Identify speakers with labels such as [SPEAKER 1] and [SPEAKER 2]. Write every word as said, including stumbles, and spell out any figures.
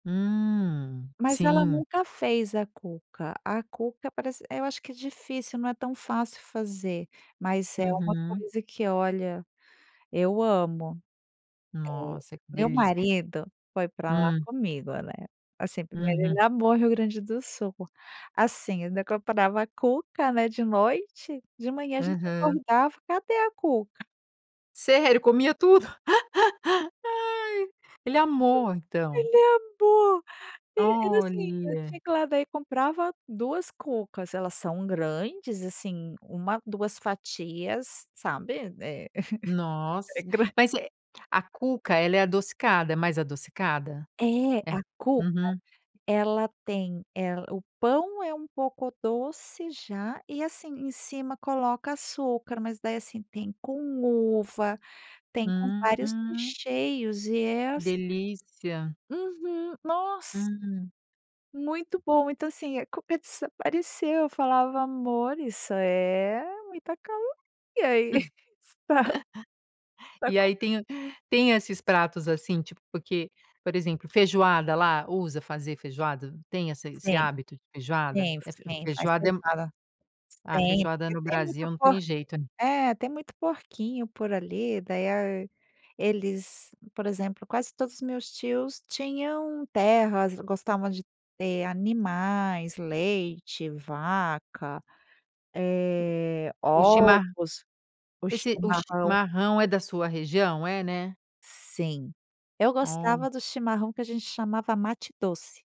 [SPEAKER 1] Hum,
[SPEAKER 2] Mas ela
[SPEAKER 1] sim.
[SPEAKER 2] nunca fez a cuca, a cuca parece é eu acho que é difícil, não é tão fácil fazer, mas é uma
[SPEAKER 1] Uhum.
[SPEAKER 2] coisa que, olha, eu amo. Eh,
[SPEAKER 1] Nossa que
[SPEAKER 2] meu
[SPEAKER 1] delícia.
[SPEAKER 2] marido foi para lá
[SPEAKER 1] Hum.
[SPEAKER 2] comigo né, assim, primeiro ele
[SPEAKER 1] Uhum.
[SPEAKER 2] amou Rio Grande do Sul, assim, eu ainda comprava a cuca, né, de noite, de manhã a gente
[SPEAKER 1] Aham.
[SPEAKER 2] acordava: "Cadê a cuca?".
[SPEAKER 1] Sério? Comia tudo. Aí, ele
[SPEAKER 2] Hum,
[SPEAKER 1] amou, então.
[SPEAKER 2] ele amou, eh, era assim, eu tinha
[SPEAKER 1] Olha.
[SPEAKER 2] que ir lá, daí comprava duas cucas, elas são grandes, assim, uma, duas fatias, sabe, é é
[SPEAKER 1] Nossa,
[SPEAKER 2] gran
[SPEAKER 1] mas, eh, a cuca, ela é adocicada, é mais adocicada?
[SPEAKER 2] É,
[SPEAKER 1] É.
[SPEAKER 2] a cuca
[SPEAKER 1] Uhum.
[SPEAKER 2] ela tem ela o pão é um pouco doce, já, e, assim, em cima coloca açúcar, mas daí assim tem com uva, tem com vários
[SPEAKER 1] Hum.
[SPEAKER 2] recheios e é as
[SPEAKER 1] Delícia.
[SPEAKER 2] Uhum, nossa.
[SPEAKER 1] Hum.
[SPEAKER 2] Muito bom. Então, assim, a cuca desapareceu, eu falava: "Amor isso é muita caloria, aí. tá". Está
[SPEAKER 1] E aí
[SPEAKER 2] comen
[SPEAKER 1] tem o tem esses pratos, assim, tipo, porque, por exemplo, feijoada lá, usa fazer feijoada, tem essa esse
[SPEAKER 2] Sim,
[SPEAKER 1] hábito de feijoada?
[SPEAKER 2] sim,
[SPEAKER 1] É
[SPEAKER 2] sim faz
[SPEAKER 1] feijoada é
[SPEAKER 2] feijoada, sim,
[SPEAKER 1] a
[SPEAKER 2] tem
[SPEAKER 1] feijoada
[SPEAKER 2] porque
[SPEAKER 1] no
[SPEAKER 2] tem muito
[SPEAKER 1] Brasil, não
[SPEAKER 2] po
[SPEAKER 1] tem jeito.
[SPEAKER 2] eh, tem muito porquinho, por ali, daí a eles, por exemplo, quase todos os meus tios tinham terras, gostavam de ter animais, leite, vaca, eh,
[SPEAKER 1] O chimarrão
[SPEAKER 2] ovos, o
[SPEAKER 1] esse o
[SPEAKER 2] chimarrão.
[SPEAKER 1] chimarrão é da sua região? É, né?
[SPEAKER 2] Sim, eu
[SPEAKER 1] Ó.
[SPEAKER 2] gostava do chimarrão, que a gente chamava mate doce.